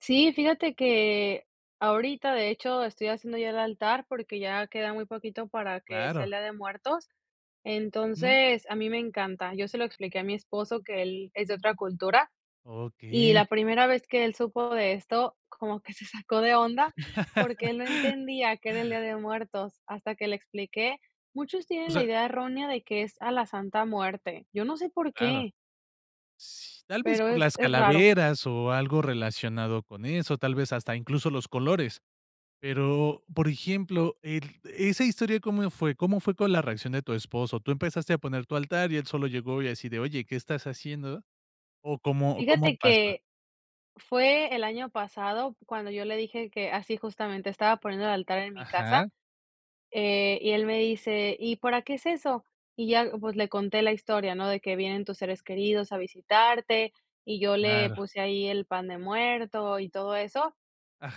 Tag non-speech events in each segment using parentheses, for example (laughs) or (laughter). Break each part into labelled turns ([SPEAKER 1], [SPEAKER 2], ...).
[SPEAKER 1] Sí, fíjate que ahorita, de hecho, estoy haciendo ya el altar porque, ya queda muy poquito para que sea
[SPEAKER 2] Claro.
[SPEAKER 1] el Día de Muertos,
[SPEAKER 2] Mm.
[SPEAKER 1] entonces a mí me encanta, yo se lo expliqué a mi esposo, que él es de otra cultura y
[SPEAKER 2] Okey.
[SPEAKER 1] la primera vez que él supo de esto, como que se sacó de onda, porque, él no
[SPEAKER 2] (laughs)
[SPEAKER 1] entendía que era el Día de Muertos. Hasta que le expliqué, muchos
[SPEAKER 2] O
[SPEAKER 1] tienen la
[SPEAKER 2] sea
[SPEAKER 1] idea errónea de que es a la Santa Muerte, yo no sé, por
[SPEAKER 2] Claro.
[SPEAKER 1] qué
[SPEAKER 2] Tal vez,
[SPEAKER 1] pero,
[SPEAKER 2] por
[SPEAKER 1] es
[SPEAKER 2] las
[SPEAKER 1] es raro.
[SPEAKER 2] calaveras o algo relacionado con eso, tal vez, hasta incluso los colores, pero, por ejemplo, el, ¿esa historia cómo fue? ¿Cómo fue con la reacción de tu esposo? Tú empezaste a poner tu altar y él solo llegó y así de, oye, ¿qué estás haciendo? ¿O cómo o cómo
[SPEAKER 1] Fíjate
[SPEAKER 2] pasa?
[SPEAKER 1] que fue el año pasado cuando yo le dije que, así justamente, estaba poniendo el altar en mi
[SPEAKER 2] Ajá.
[SPEAKER 1] casa, eh, y él me dice: "¿Y para qué es eso?". Y ya, pues le conté la historia, ¿no? De que vienen tus seres queridos a visitarte, y yo le
[SPEAKER 2] Claro.
[SPEAKER 1] puse ahí el pan de muerto y todo eso.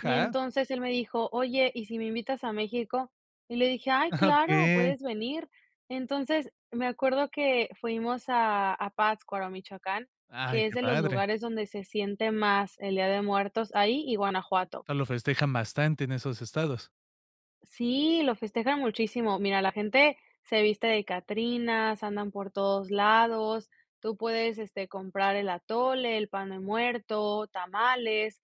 [SPEAKER 1] Y entonces él me dijo: "Oye, ¿y si me invitas a México?". Y le dije: "Ay,
[SPEAKER 2] (chuckles)
[SPEAKER 1] claro,
[SPEAKER 2] Okey.
[SPEAKER 1] puedes venir". Entonces me acuerdo que fuimos a a Pátzcuaro, Michoacán,
[SPEAKER 2] Ay,
[SPEAKER 1] que es
[SPEAKER 2] qué
[SPEAKER 1] de los
[SPEAKER 2] padre.
[SPEAKER 1] lugares donde se siente más el Día de Muertos, ahí y Guanajuato.
[SPEAKER 2] Eso lo festejan bastante, en esos estados.
[SPEAKER 1] Sí, lo festejan muchísimo, mira, la gente se viste de catrinas, andan por todos lados, tú puedes, este, comprar el atole, el pan de muerto, tamales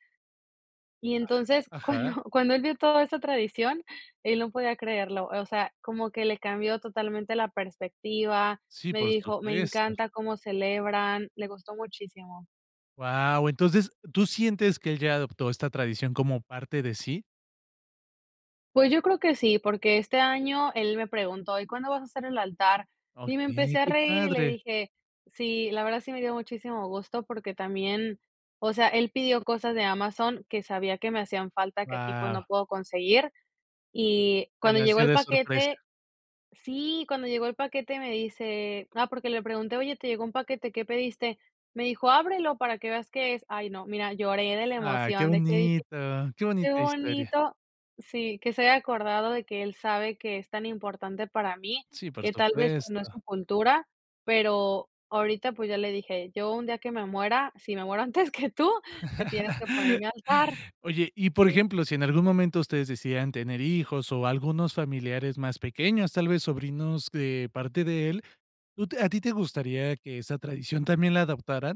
[SPEAKER 1] y entonces cuando
[SPEAKER 2] Ajá.
[SPEAKER 1] (chuckles) cuando él vio toda esa tradición, él no podía creerlo, o sea, como que le cambió totalmente la perspectiva,
[SPEAKER 2] Sí,
[SPEAKER 1] me
[SPEAKER 2] por
[SPEAKER 1] dijo: "Me
[SPEAKER 2] supuesto.
[SPEAKER 1] encanta como celebran", le gustó muchísimo.
[SPEAKER 2] Guau. Entonces, ¿tú sientes que él ya adoptó esta tradición como parte de sí?
[SPEAKER 1] Pues, yo creo que sí, porque este año él me preguntó: "¿Y cuándo vas a hacer el altar?". Y me
[SPEAKER 2] Okey,
[SPEAKER 1] empecé a
[SPEAKER 2] qué
[SPEAKER 1] reír y le
[SPEAKER 2] padre.
[SPEAKER 1] dije, sí, la verdad sí me dio muchísimo gusto, porque también, o sea, él pidió cosas de Amazon que sabía que me hacían falta, que aquí, pues, no
[SPEAKER 2] Guau.
[SPEAKER 1] puedo conseguir y
[SPEAKER 2] Te
[SPEAKER 1] cuando
[SPEAKER 2] las
[SPEAKER 1] llegó
[SPEAKER 2] dio
[SPEAKER 1] el
[SPEAKER 2] de sorpresa.
[SPEAKER 1] paquete sí, cuando llegó el paquete me dice, ah, porque le pregunté: "Oye, ¿te llegó un paquete, ¿qué pediste?". Me dijo: "Ábrelo para que veas qué es". Ay no, mira, lloré de la
[SPEAKER 2] Ah, qué
[SPEAKER 1] emoción de que dije:
[SPEAKER 2] bonito, qué
[SPEAKER 1] "Qué
[SPEAKER 2] bonita historia.
[SPEAKER 1] bonito", sí, que se haya acordado de que él sabe que es tan importante para mí,
[SPEAKER 2] Sí, por
[SPEAKER 1] que tal vez, pues, no es
[SPEAKER 2] supuesto.
[SPEAKER 1] su cultura, pero ahorita, pues, ya le dije, yo un día que me muera, si me muero antes que tú, me tienes que poner mi
[SPEAKER 2] (laughs)
[SPEAKER 1] altar.
[SPEAKER 2] Oye, y, por
[SPEAKER 1] Sí.
[SPEAKER 2] ejemplo, si en algún momento ustedes decidieran tener hijos, o algunos familiares más pequeños, tal vez, sobrinos de parte de él, ¿tú a ti te gustaría que esa tradición, también la adoptaran?